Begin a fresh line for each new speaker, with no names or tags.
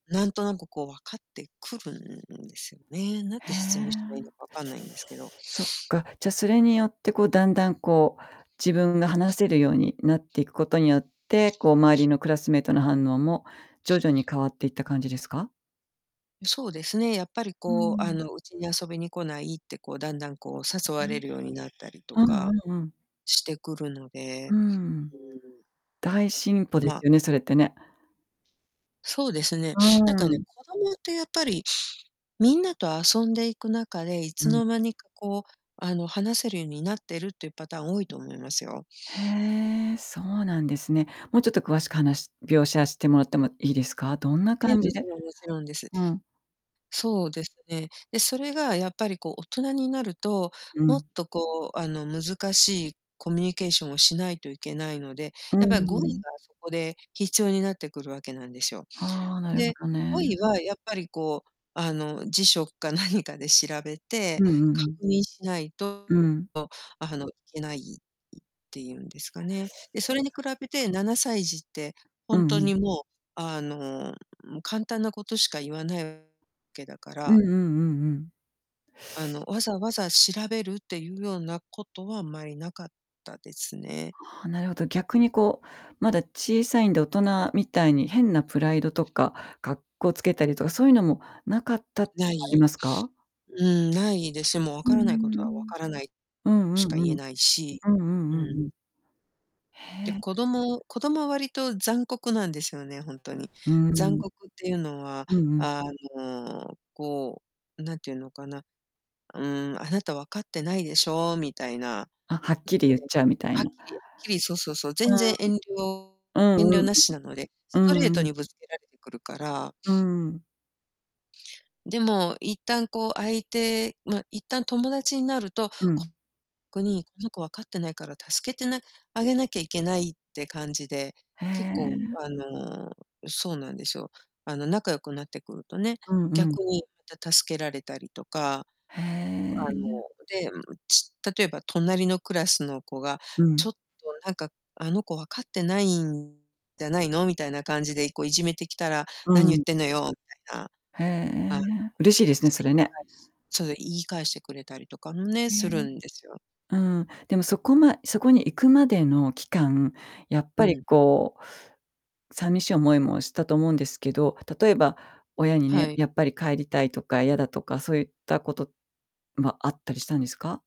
なんとなくこう分かってくるんですよね。何
へ
て説明したらいい
え。
のか分かんないんですけど。
そっか、じゃそれによってこうだんだんこう、自分が話せるようになっていくことによって、こう周りのクラスメートの反応も徐々に変わっていった感じですか？
うそうですね、やっぱり
うー
こうあ
ん。
の「うちに遊びに来ない」ってこうだんだんこう誘われ
[unintelligible]
るようになったりと
うんう
か
んうん。
してくるので。
うん。
うーん。
大進歩です
ま
よね、それってね。
そうですね、
う
なん
ー
かね、
ん。
子供ってやっぱり、みんなと遊んでいく中で、い
う
つ
ん。
の間にかこう、あの、話せるゆになってるっていうパターン多いと思いますよ。
へえ、そうなんですね。もうちょっと詳しく話描写してもらってもいいですか。どんな
ええ、
感
も
じ
ち
で
ろんもちろんです。
うん。
そうですね。で、それがやっぱりこう大人になると、
う
もっ
ん。
とこうあの、難しいコミュニケーションをしないといけないので、
うー
やっぱり語彙
ん。
がそこで必要になってくるわけなんですよ。
ああ、なるほ
で、
どね。
語彙はやっぱりこう、あの、辞書か何かで調べて、
うんうんう
確
ん。
認しないと
う
と、
ん。
あの、いけないいっていうんですかね。で、それに比べて7歳児って
う
ほん
んう
と
ん。
にもうあの、も、簡単なことしか言わなうけだか
う
ら
んうんうんうん。
あの、わざわざ調べるっていうようなことはあんまりなかったですね。
はあ、なるほど。逆にこう、まだ小さいんで、大人みたいに変なプライドとか、格好つけたりとか、そういうのも無かったっていう
無
のはあり
い。
ますか？
うん、無いですよ。もう「分
うー
からないことは分
ん、
からない」
うん。
し
うん。
か
うんう
言
ん
え
うん。
ないし。
うんうんう
うん。
んうん。
で、
へえ。
子供子供は割と残酷なんですよね、ほんとに。
うう
残
ん。
酷っていうのは
うんうん。
あの、こうなんていうのかな。「うーん、あなた分かってないでしょ」みたいな。
あ、はっきり言っ
[unintelligible]
ちゃうみたい
はっ
な。
きり、きり、そうそうそう、
う
全然遠慮
ん。う
遠
ん
慮
うん。
なしなので、
う
ストレー
んう
ト
ん。
にぶつけられてくるから。
うーん。
でも、一旦こう相手ま、一旦友達になると、
う
こ
ん。
こに「この子分かってないから助けてなあげなきゃいけない」って感じで、
へ
結構
え。
あの、うそうなんですよ。あの仲良くなってくるとね、
うんうん。
逆にまた助けられたりとか、
へ
あの、
え。
で、んん、ち例えば隣のクラスの子が、
う
「ちょ
ん。
っとなんかあの子、分かってないんじゃないの？」みたいな感じでいこいじめてきたら
う
「何
んう
言っ
ん。
てんのよ」みたいな。
へえ、
あ、
嬉しいですね、
し
そ
て
れね。
返しそう、言い返してくれたりとかんね、
うえ
す
え。
るんですよ。
うん、でもそこまそこに行くまでの期間、やっぱ
う
り
ん。
こう寂しい思いもしたと思うんですけど、例えば親に
は
ね
い。
「やっぱり帰りたい」とか「嫌だ」とかそういったことはあったりしたんですか？